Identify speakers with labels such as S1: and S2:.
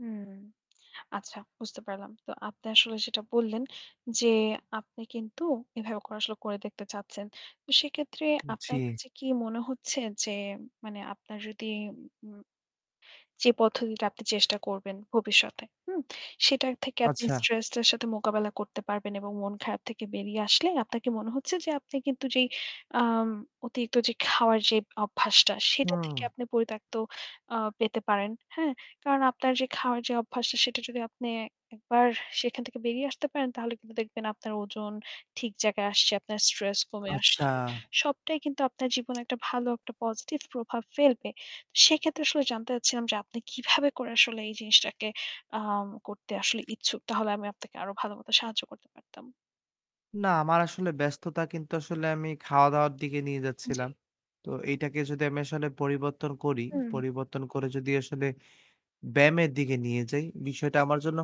S1: হুম। আচ্ছা বুঝতে পারলাম। তো আপনি আসলে যেটা বললেন যে আপনি কিন্তু এভাবে করে আসলে করে দেখতে চাচ্ছেন। তো সেইক্ষেত্রে আপনার
S2: জ্বী।
S1: কাছে কি মনে হচ্ছে যে মানে আপনার যদি ম যে পদ্ধতিটা আপনি চেষ্টা করবেন ভবিষ্যতে। হুম? সেটা থেকে আপনি
S2: আচ্ছা।
S1: স্ট্রেসটার সাথে মোকাবেলা করতে পারবেন এবং মন খারাপ থেকে বেরিয়ে আসলে আপনার কি মনে হচ্ছে যে আপনি কিন্তু যেই আম অতিরিক্ত যে খাওয়ার যে অভ্যাসটা সেটা
S2: হুম।
S1: থেকে আপনি পরিত্যক্ত আ পেতে পারেন? হ্যাঁ? কারণ আপনার যে খাওয়ার যে অভ্যাসটা সেটা যদি আপনি একবার সেখান থেকে বেরিয়ে আসতে পারেন তাহলে কিন্তু দেখবেন আপনার ওজন ঠিক জায়গায় আসছে। আপনার স্ট্রেস কমে
S2: আচ্ছা।
S1: আসছে। সবটাই কিন্তু আপনার জীবনে একটা ভালো, একটা পজিটিভ প্রভাব ফেলবে। সেক্ষেত্রে আসলে জানতে চাচ্ছিলাম যে আপনি কিভাবে করে আসলে এই জিনিসটাকে আ করতে আসলে ইচ্ছুক? তাহলে আমি আপনাকে আরো ভালো মত সাহায্য করতে পারতাম।
S2: না, আমার আসলে ব্যস্ততা কিন্তু আসলে আমি খাওয়া দাওয়ার দিকে নিয়ে
S1: জী।
S2: যাচ্ছিলাম। তো এইটাকে যদি আমি আসলে পরিবর্তন করি,
S1: হুম।
S2: পরিবর্তন করে যদি আসলে ব্যায়ামের দিকে নিয়ে যাই বিষয়টা আমার জন্য